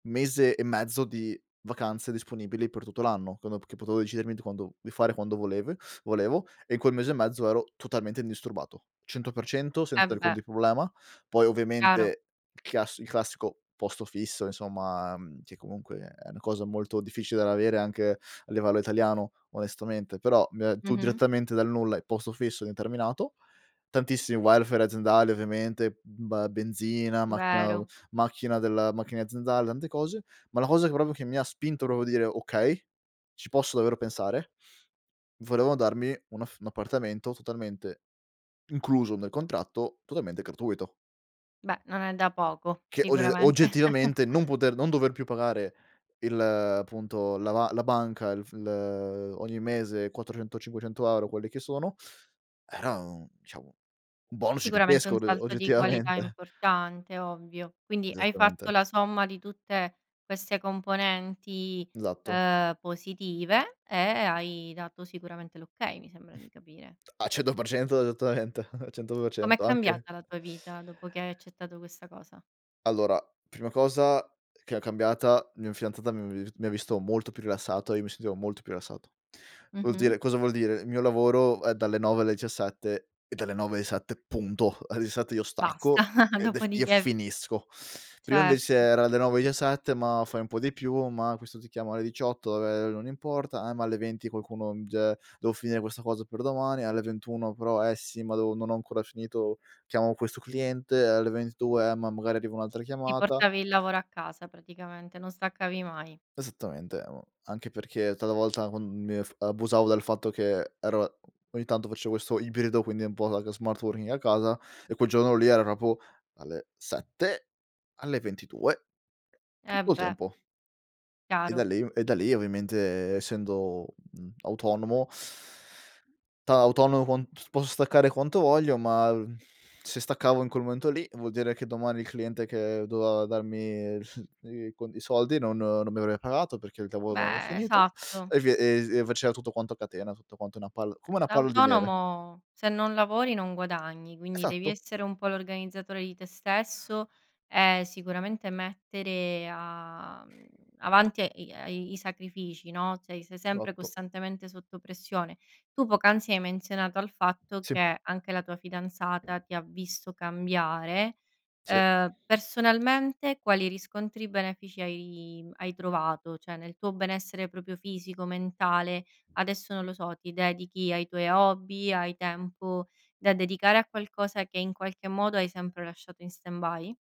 Mese e mezzo di vacanze disponibili per tutto l'anno, come p che potevo decidermi di quando di fare quando volevue volevo e in quel mese e mezzo ero totalmente indisturbato, 100% Eh, senza alcun beh. di problema. Poi, Chiaro. ovviamente il chiass il classico posto fisso, insomma, mhmm, che comunque è una cosa molto difficile da avere anche a livello italiano onestamente, però mi ha giù Mh-mh. direttamente dal nulla, i posto fisso indeterminato. Tantissimi welfare aziendali ovviamente, ba benzina, macchina au Vero. macchina della macchine aziendale, tante cose, ma la cosa che proprio che mi ha spinto proprio dire: "Okay, ci posso davvero pensare": volevano darmi un aff un appartamento totalmente incluso nel contratto, totalmente gratuito. Beh, non è da poco, Che, ogge sicuramente. oggettivamente, non poter non dover più pagare il appunto, la ma la banca il f il ehm, ogni mese 400- 500€, quelli che sono, era un diciamo, un bonus Sicuramente gigantesco un ode salto di qualità oggettivamente. importante, ovvio. Quindi, hai fatto Esattamente. la somma di tutte queste componenti, Esatto. uhm, positive e hai dato sicuramente l'okay, mi sembra di capire. A 100% esattamente. A cento per Com'è cento anche cambiata la tua vita dopo che hai accettato questa cosa? Allora, prima cosa che è cambiata: mia fidanzata mi avevi vi mi ha visto molto più rilassato e io mi sentivo molto più rilassato. Vuol Mh-mh. dire cosa vuol dire: mio lavoro è dalle 9 alle diciassette; è dalle 9 esatte, punto! Alle diciassette io Basta, stacco, ed ef e dopodiché finisco. Prima Cer invece era da 9 diciassette, ma: "Fai un po' di più," ma: "Questo ti chiama alle 18," ehm, "Non importa," eh, ma alle 20 qualcuno, mi dice: "Devo finire questa cosa per domani," alle 21 però: "Eh sì, ma deo non ho ancora finito, chiamo questo cliente," alle ventitue: "Eh, ma magari arriva un'altra Ti chiamata" portavi il lavoro a casa praticamente, non staccavi mai. Esattamente, amo anche perché talvolta quan mi eff abusavo del fatto che ero e ogni tanto facevo questo ibrido, quindi è un po' da ca smart working a casa, e quel giorno lì era proprio alle 7, alle ventidue, Eh, tutto il beh. tempo. E da Chiaro. lì m e da lì ovviamente e essendo, mhmm, autonomo da autonomo con s posso staccare quanto voglio, ma l se staccavo in quel momento lì vuol dire che domani il cliente che doveva darmi i cond i soldi non non mi avrebbe pagato perché il lavoro non è Beh, finito, esatto. e vie ez e faceva tutto quanto a catena, tutto quanto una palla come una palo di neve. L'autonomo se non lavori non guadagni, quindi devi Esatto. essere un po' l'organizzatore di te stesso e sicuramente mettere a, mhmm avanti e i ai i sacrifici, no, cioè sei sempre Esatto. costantemente sotto pressione. Tu poc'anzi hai menzionato al fatto Sì. che anche la tua fidanzata ti ha visto cambiare, Sì. uhm, personalmente quali riscontri benefici hai hai trovato? Cioè, nel tuo benessere proprio fisico, mentale, adesso non lo so, ti dedichi ai tuoi hobby, hai tempo da dedicare a qualcosa che in qualche modo hai sempre lasciato in stand by?